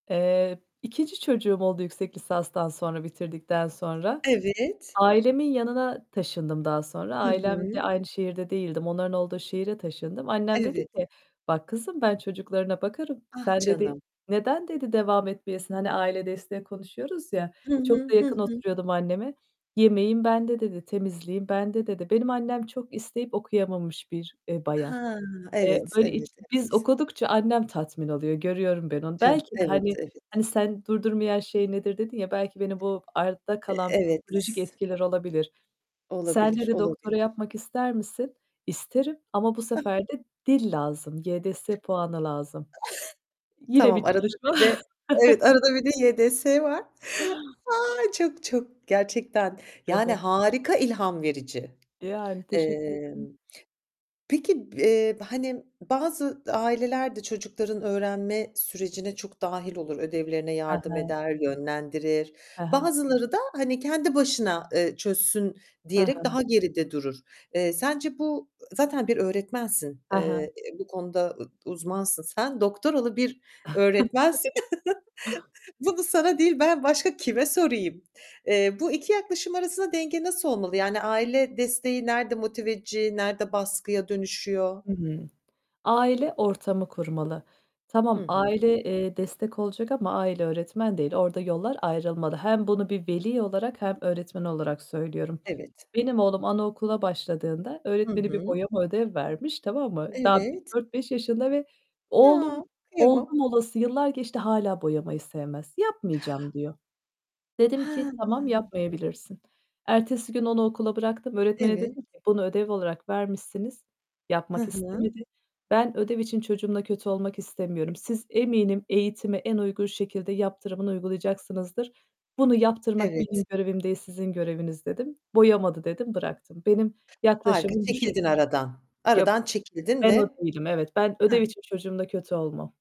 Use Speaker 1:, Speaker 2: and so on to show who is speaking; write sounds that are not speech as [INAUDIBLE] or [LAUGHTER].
Speaker 1: Eee, 2. çocuğum oldu yüksek lisanstan sonra, bitirdikten sonra,
Speaker 2: Evet.
Speaker 1: ailemin yanına taşındım daha sonra.
Speaker 2: Hı
Speaker 1: Ailemle
Speaker 2: hı.
Speaker 1: aynı şehirde değildim. Onların olduğu şehire taşındım. Annem dedi
Speaker 2: Evet.
Speaker 1: ki: "Bak kızım, ben çocuklarına bakarım,
Speaker 2: Ah,
Speaker 1: sen" dedi,
Speaker 2: canım.
Speaker 1: "neden" dedi, "devam etmeyesin?" Hani, aile desteği konuşuyoruz ya.
Speaker 2: I
Speaker 1: Çok
Speaker 2: hı.
Speaker 1: da
Speaker 2: Hı
Speaker 1: yakın
Speaker 2: hı.
Speaker 1: oturuyordum anneme. "Yemeğin bende." dedi, "temizliğin bende." dedi. Benim annem çok isteyip okuyamamış bir, eee, bayan.
Speaker 2: Ha,
Speaker 1: Eee,
Speaker 2: evet,
Speaker 1: böyle
Speaker 2: evet,
Speaker 1: iç biz
Speaker 2: evet!
Speaker 1: okudukça annem tatmin oluyor, görüyorum ben onu.
Speaker 2: Canım,
Speaker 1: Belki de
Speaker 2: evet,
Speaker 1: hani
Speaker 2: evet.
Speaker 1: hani, sen: "Durdurmayan şey nedir?" dedin ya, belki beni bu arada
Speaker 2: E
Speaker 1: kalan
Speaker 2: evet.
Speaker 1: psikolojik etkiler olabilir. "Sen,"
Speaker 2: Olabilir,
Speaker 1: dedi, "doktora
Speaker 2: olabilir.
Speaker 1: yapmak ister misin?" İsterim ama bu
Speaker 2: Ah
Speaker 1: sefer de dil lazım. YDS puanı lazım. Yine bir
Speaker 2: Tamam, arada
Speaker 1: çalışma.
Speaker 2: bir de evet,
Speaker 1: [CHUCKLES]
Speaker 2: arada bir de YDS var. [CHUCKLES] A! çok, çok gerçekten, yani,
Speaker 1: Evet.
Speaker 2: harika ilham verici.
Speaker 1: Yani, teşekkür
Speaker 2: Eee,
Speaker 1: ederim.
Speaker 2: peki, b eee, hani, bazı aileler de çocukların öğrenme sürecine çok dahil olur. Ödevlerine
Speaker 1: He
Speaker 2: yardım
Speaker 1: he.
Speaker 2: eder, yönlendirir.
Speaker 1: He he.
Speaker 2: Bazıları da, hani, kendi başına, eee, çözsün
Speaker 1: He
Speaker 2: diyerek
Speaker 1: he.
Speaker 2: daha geride durur. Eee, sence bu zaten bir öğretmensin.
Speaker 1: He he.
Speaker 2: Eee, bu konuda ı uzmansın. Sen doktoralı bir
Speaker 1: [CHUCKLES]
Speaker 2: öğretmensin. [CHUCKLES] Bunu sana değil ben başka kime sorayım? Eee, bu iki yaklaşım arasında denge nasıl olmalı? Yani, aile desteği nerede motive edici, nerede baskıya dönüşüyor?
Speaker 1: Hı hı. Aile ortamı kurmalı.
Speaker 2: Hı
Speaker 1: Tamam,
Speaker 2: hı.
Speaker 1: aile, eee, destek olacak ama aile öğretmen değil. Orada yollar ayrılmalı. Hem bunu bir veli olarak hem öğretmen olarak söylüyorum.
Speaker 2: Evet.
Speaker 1: Benim oğlum anaokuluna başladığında
Speaker 2: Hı
Speaker 1: öğretmeni bir
Speaker 2: hı.
Speaker 1: boyama ödev vermiş, tamam mı? Daha bir
Speaker 2: Evet.
Speaker 1: 4-5 yaşında ve
Speaker 2: A!
Speaker 1: oğlum, oldum
Speaker 2: Kıyamam.
Speaker 1: olası yıllar geçti hâlâ boyamayı sevmez. "Yapmayacağım." diyor. Dedim ki, "Tamam
Speaker 2: Ha!
Speaker 1: yapmayabilirsin." Ertesi gün onu okula bıraktım. Öğretmene
Speaker 2: Evet.
Speaker 1: dedim ki. "Bunu ödev olarak vermişsiniz,
Speaker 2: Hı
Speaker 1: yapmak
Speaker 2: hı.
Speaker 1: istemedi. Ben ödev için çocuğumla kötü olmak istemiyorum. Siz eminim eğitimi, en uygun şekilde yaptırımını uygulayacaksınızdır. Bunu yaptırmak
Speaker 2: Evet.
Speaker 1: benim görevim değil, sizin göreviniz." dedim. "Boyamadı." dedim, bıraktım. Benim
Speaker 2: Harika,
Speaker 1: yaklaşımım bu
Speaker 2: çekildin
Speaker 1: şekilde.
Speaker 2: aradan.
Speaker 1: Ya
Speaker 2: Aradan çekildin
Speaker 1: ben o
Speaker 2: ve
Speaker 1: değilim evet. Ben
Speaker 2: Hıh.
Speaker 1: ödev için çocuğumla kötü olmam.